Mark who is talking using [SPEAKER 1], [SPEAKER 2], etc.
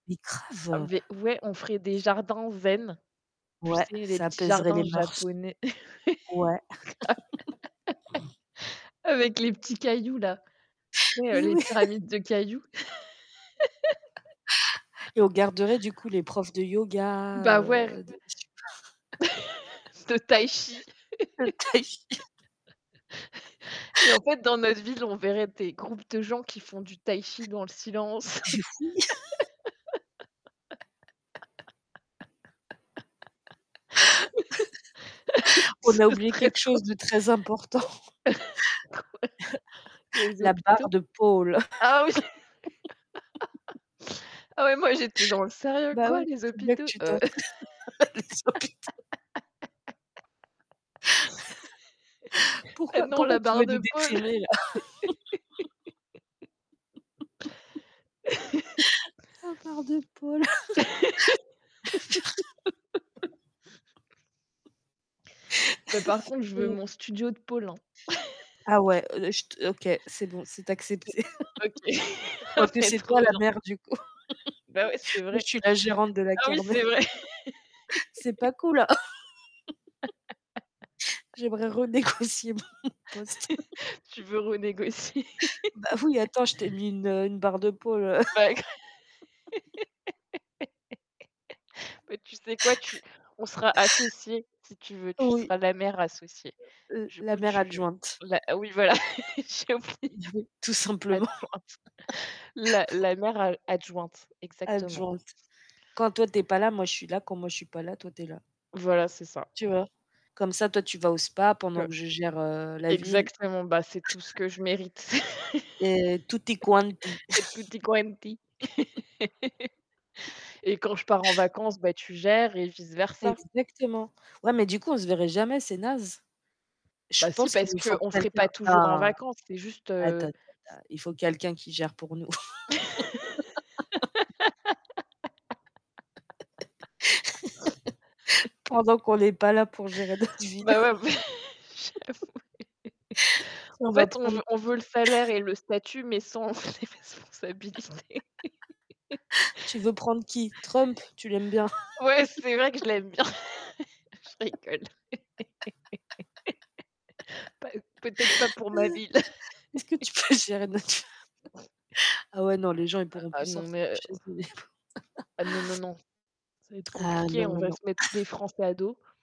[SPEAKER 1] Mais
[SPEAKER 2] Ah mais
[SPEAKER 1] grave.
[SPEAKER 2] v v ouais, on ferait des jardins zen. Tu
[SPEAKER 1] Ouais,
[SPEAKER 2] sais, les
[SPEAKER 1] ça
[SPEAKER 2] petits
[SPEAKER 1] apaiserait les
[SPEAKER 2] jardins
[SPEAKER 1] mœurs.
[SPEAKER 2] japonais grave.
[SPEAKER 1] Ouais.
[SPEAKER 2] Avec les petits cailloux, là. Tu sais, heu,
[SPEAKER 1] Mais
[SPEAKER 2] les
[SPEAKER 1] oui.
[SPEAKER 2] pyramides de cailloux.
[SPEAKER 1] Et on garderait du coup les profs de yoga,
[SPEAKER 2] Bah ouais
[SPEAKER 1] heu, de je sais pas.
[SPEAKER 2] De tai-chi.
[SPEAKER 1] De tai-chi.
[SPEAKER 2] Et en fait, dans notre ville, on verrait des groupes de gens qui font du tai-chi dans le silence.
[SPEAKER 1] J'ai f oui. On
[SPEAKER 2] Ce
[SPEAKER 1] a oublié
[SPEAKER 2] serait
[SPEAKER 1] quelque
[SPEAKER 2] trop
[SPEAKER 1] chose de très important.
[SPEAKER 2] drôle Des
[SPEAKER 1] La barre
[SPEAKER 2] hôpitaux?
[SPEAKER 1] de pôle.
[SPEAKER 2] Ah oui. Ah ouais, moi j'étais dans le sérieux.
[SPEAKER 1] Bah
[SPEAKER 2] «Quoi
[SPEAKER 1] oui,
[SPEAKER 2] les
[SPEAKER 1] faut bien que
[SPEAKER 2] hôpitaux?
[SPEAKER 1] tu
[SPEAKER 2] Heu»
[SPEAKER 1] t'entraî Les hôpitaux.
[SPEAKER 2] bah
[SPEAKER 1] Pourquoi
[SPEAKER 2] non,
[SPEAKER 1] pourquoi
[SPEAKER 2] la
[SPEAKER 1] tu
[SPEAKER 2] barre
[SPEAKER 1] veux nous
[SPEAKER 2] de pôle.
[SPEAKER 1] déprimer là? La barre de pôle.
[SPEAKER 2] Mais par contre, je veux
[SPEAKER 1] [unintelligible]
[SPEAKER 2] mon studio de pôle, hein.
[SPEAKER 1] Ah ouais, je t OK, c'est bon, c'est accepté.
[SPEAKER 2] C'est OK. Ah
[SPEAKER 1] Quoi que
[SPEAKER 2] c'est
[SPEAKER 1] c'est
[SPEAKER 2] trop
[SPEAKER 1] toi la
[SPEAKER 2] bien.
[SPEAKER 1] maire du coup.
[SPEAKER 2] Bah ouais, c'est
[SPEAKER 1] Moi,
[SPEAKER 2] vrai.
[SPEAKER 1] je suis la gérante de la
[SPEAKER 2] Ah oui,
[SPEAKER 1] kermesse.
[SPEAKER 2] c'est vrai.
[SPEAKER 1] C'est pas cool, hein. J'aimerais renégocier mon poste.
[SPEAKER 2] Tu veux renégocier.
[SPEAKER 1] Bah oui, attends, je t'ai mis une, heu, une barre de pôle, heu
[SPEAKER 2] Bah gr bah tu sais quoi? Tu on sera associées, si tu veux, tu
[SPEAKER 1] Oui.
[SPEAKER 2] seras la maire associée.
[SPEAKER 1] Heu heu l
[SPEAKER 2] Du
[SPEAKER 1] la
[SPEAKER 2] coup,
[SPEAKER 1] maire
[SPEAKER 2] tu
[SPEAKER 1] adjointe.
[SPEAKER 2] la oui voilà.
[SPEAKER 1] Heu, oui, tout
[SPEAKER 2] [unintelligible]
[SPEAKER 1] simplement.
[SPEAKER 2] adjointe, la la maire a adjointe, exactement.
[SPEAKER 1] Adjointe. Quand toi, tu es pas là, moi, je suis là, quand moi, je suis pas là, toi, tu es là.
[SPEAKER 2] Voilà, c'est ça.
[SPEAKER 1] Tu vois? Comme ça, toi, tu vas au spa pendant
[SPEAKER 2] Que
[SPEAKER 1] que je gère, heu, la ville.
[SPEAKER 2] exactement, bah, c'est tout ce que je mérite.
[SPEAKER 1] Et tutti quanti.
[SPEAKER 2] Et tutti quanti. Et quand je pars en vacances, bah, tu gères et vice versa.
[SPEAKER 1] Exactement. Ouais mais du coup, on se verrait jamais, c'est naze. Je
[SPEAKER 2] Bah si,
[SPEAKER 1] pense qu'il
[SPEAKER 2] parce
[SPEAKER 1] nous faut
[SPEAKER 2] qu'on serait
[SPEAKER 1] quelqu'un
[SPEAKER 2] pas toujours en
[SPEAKER 1] un
[SPEAKER 2] vacances, c'est juste,
[SPEAKER 1] attends
[SPEAKER 2] heu, s
[SPEAKER 1] ten-ten il faut quelqu'un qui gère pour nous. Pendant qu'on n'est pas là pour gérer notre ville.
[SPEAKER 2] Bah ouais mais j'avoue.
[SPEAKER 1] On
[SPEAKER 2] En
[SPEAKER 1] va
[SPEAKER 2] fait, on
[SPEAKER 1] prendre
[SPEAKER 2] v on veut le salaire et le statut, mais sans les responsabilités.
[SPEAKER 1] Tu veux prendre qui? Trump, tu l'aimes bien.
[SPEAKER 2] Ouais, c'est là que je l'aime bien. Je rigole. Pas heu, peut-être pas pour ma ville. Et
[SPEAKER 1] Est-ce que tu peux gérer notre ville? Ah ouais, non, les gens ils pourront
[SPEAKER 2] ah ah,
[SPEAKER 1] plus
[SPEAKER 2] non
[SPEAKER 1] sortir de
[SPEAKER 2] mais heu
[SPEAKER 1] chez eux, les pauvres.
[SPEAKER 2] Ah non, non, non. Ça va être
[SPEAKER 1] Ah
[SPEAKER 2] compliqué,
[SPEAKER 1] non,
[SPEAKER 2] on
[SPEAKER 1] non,
[SPEAKER 2] va
[SPEAKER 1] non.
[SPEAKER 2] se mettre tous les Français à dos.